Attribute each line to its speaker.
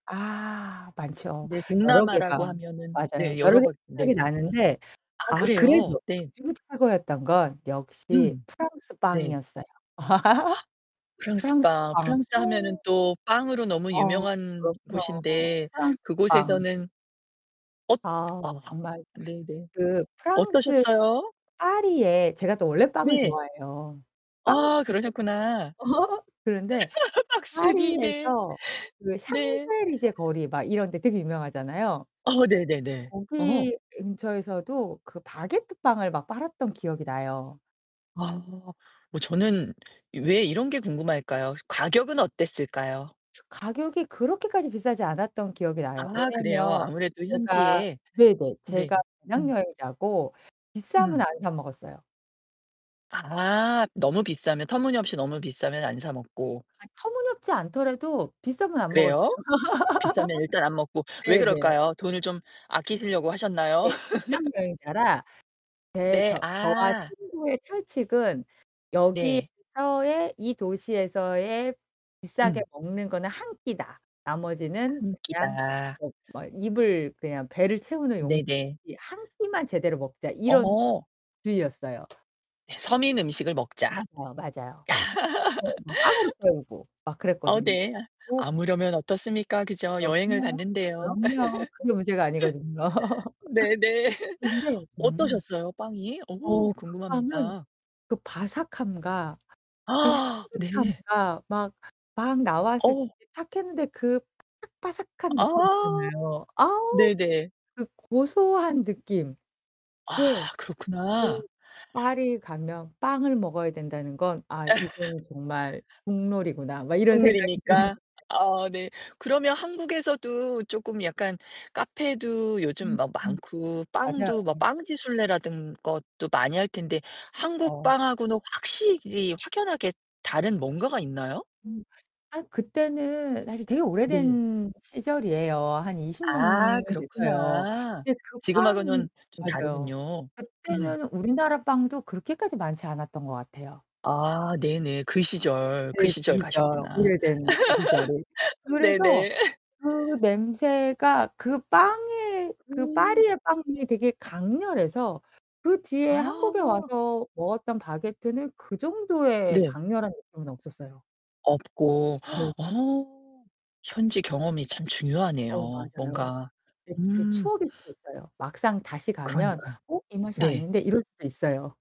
Speaker 1: 아, 많죠.
Speaker 2: 네.
Speaker 1: 여러
Speaker 2: 동남아라고
Speaker 1: 개가
Speaker 2: 하면은
Speaker 1: 맞아요.
Speaker 2: 네,
Speaker 1: 여러 개가
Speaker 2: 여러가
Speaker 1: 생각이
Speaker 2: 네.
Speaker 1: 나는데
Speaker 2: 아
Speaker 1: 아
Speaker 2: 그래요?
Speaker 1: 그래도
Speaker 2: 네.
Speaker 1: 그중에 최고였던 건 역시
Speaker 2: 음.
Speaker 1: 프랑스
Speaker 2: 네.
Speaker 1: 빵이었어요.
Speaker 2: 프랑스
Speaker 1: 프랑스
Speaker 2: 빵.
Speaker 1: 빵.
Speaker 2: 프랑스 하면은
Speaker 1: 어.
Speaker 2: 또 빵으로 너무
Speaker 1: 어.
Speaker 2: 유명한
Speaker 1: 그럼요.
Speaker 2: 곳인데
Speaker 1: 프랑스 빵.
Speaker 2: 그곳에서는 엇
Speaker 1: 아,
Speaker 2: 아.
Speaker 1: 정말
Speaker 2: 네네.
Speaker 1: 그 프랑스
Speaker 2: 어떠셨어요?
Speaker 1: 파리에 제가 또 원래 빵을
Speaker 2: 네.
Speaker 1: 좋아해요.
Speaker 2: 아,
Speaker 1: 빵순이거든요.
Speaker 2: 그러셨구나.
Speaker 1: 그런데
Speaker 2: 빵순이 네.
Speaker 1: 파리에서 그
Speaker 2: 네.
Speaker 1: 샹젤리제 거리 막 이런 데 되게 유명하잖아요.
Speaker 2: 어 네 네네. 어.
Speaker 1: 거기 근처에서도 그 바게트 빵을 막 팔았던 기억이 나요.
Speaker 2: 아. 어 저는 왜 이런 게 궁금할까요?
Speaker 1: 아.
Speaker 2: 가격은 어땠을까요?
Speaker 1: 저 가격이 그렇게까지 비싸지 않았던 기억이 나요.
Speaker 2: 아, 그래요.
Speaker 1: 왜냐면
Speaker 2: 아무래도
Speaker 1: 제가
Speaker 2: 현지에
Speaker 1: 네네.
Speaker 2: 네.
Speaker 1: 제가 배낭
Speaker 2: 음.
Speaker 1: 여행자고 비싸면
Speaker 2: 음.
Speaker 1: 안 사 먹었어요.
Speaker 2: 아. 너무 비싸면 터무니없이 너무 비싸면 안 사 먹고.
Speaker 1: 아 터무니없지 않더라도 비싸면 안 먹었어요.
Speaker 2: 그래요? 비싸면 일단 안 먹고. 왜
Speaker 1: 네 네.
Speaker 2: 그럴까요? 돈을 좀 아끼시려고 하셨나요?
Speaker 1: 네. 배낭여행자라 네
Speaker 2: 네,
Speaker 1: 저 저와
Speaker 2: 아.
Speaker 1: 친구의 철칙은
Speaker 2: 네.
Speaker 1: '여기에서의 이 도시에서의 비싸게
Speaker 2: 음.
Speaker 1: 먹는 거는 1 끼다.' 나머지는
Speaker 2: 1
Speaker 1: 그냥
Speaker 2: 끼다.
Speaker 1: 뭐 뭐 입을 그냥 배를 채우는 용이지
Speaker 2: 네 네.
Speaker 1: '1 끼만 제대로 먹자.' 이런
Speaker 2: 어.
Speaker 1: 주의였어요.
Speaker 2: 서민 음식을 먹자.
Speaker 1: 맞아요, 맞아요. 어 막 빵으로 때우고 막
Speaker 2: 어
Speaker 1: 그랬거든요.
Speaker 2: 네.
Speaker 1: 어
Speaker 2: 아무려면 어떻습니까? 그죠? 여행을
Speaker 1: 그럼요,
Speaker 2: 갔는데요.
Speaker 1: 그럼요. 그게 문제가 아니거든요.
Speaker 2: 네 네.
Speaker 1: 근데 [unintelligible]
Speaker 2: 어떠셨어요, 빵이? 어우
Speaker 1: 어 그 빵은
Speaker 2: 궁금합니다.
Speaker 1: 그 바삭함과 그
Speaker 2: 네.
Speaker 1: 향긋함과 막, 막 나왔을 때
Speaker 2: 어.
Speaker 1: 이제 탁했는데 그 바삭바삭한 느낌
Speaker 2: 아.
Speaker 1: 있잖아요. 아우.
Speaker 2: 네네.
Speaker 1: 그 고소한 느낌. 네.
Speaker 2: 아,
Speaker 1: 그
Speaker 2: 그렇구나.
Speaker 1: '파리에 가면 빵을 먹어야 된다는 건 아 이건 정말 국룰이구나.' 막 이런 생각이 드는
Speaker 2: 국룰이니까?
Speaker 1: 거죠.
Speaker 2: 아 네. 그러면 한국에서도 쪼끔 약간 카페도 요즘
Speaker 1: 음음.
Speaker 2: 막 많고
Speaker 1: 맞아요.
Speaker 2: 빵도 뭐 빵지 순례라든 것도 많이 할 텐데 한국
Speaker 1: 그쵸.
Speaker 2: 빵 하고는 확실히 확연하게 다른 뭔가가 있나요?
Speaker 1: 음. 아 그때는 사실 되게
Speaker 2: 네.
Speaker 1: 오래된 시절이에요. 한 20
Speaker 2: 아,
Speaker 1: 년이 됐어요.
Speaker 2: 그렇구나.
Speaker 1: 근데 그 빵
Speaker 2: 지금하고는 좀
Speaker 1: 맞아요.
Speaker 2: 다르군요. 음.
Speaker 1: 그때는 우리나라 빵도 그렇게까지 많지 않았던 것 같아요.
Speaker 2: 아, 네네. 그 시절, 그
Speaker 1: 네, 그
Speaker 2: 시절
Speaker 1: 시절.
Speaker 2: 가셨구나.
Speaker 1: 오래된 그 시절이. 그래서
Speaker 2: 네네.
Speaker 1: 그 냄새가 그 빵에 그
Speaker 2: 음.
Speaker 1: 파리의 빵이 되게 강렬해서 그 뒤에 한국에
Speaker 2: 아.
Speaker 1: 와서 먹었던 바게트는 그 정도의
Speaker 2: 네.
Speaker 1: 강렬한 느낌은 없었어요.
Speaker 2: 없고.
Speaker 1: 네.
Speaker 2: 어 현지 경험이 참
Speaker 1: 어,
Speaker 2: 중요하네요,
Speaker 1: 맞아요.
Speaker 2: 뭔가.
Speaker 1: 네 그
Speaker 2: 음.
Speaker 1: 추억일 수도 있어요. 막상 다시 가면
Speaker 2: 그러니까요.
Speaker 1: '어 이 맛이
Speaker 2: 네.
Speaker 1: 아닌데.' 이럴 수도 있어요.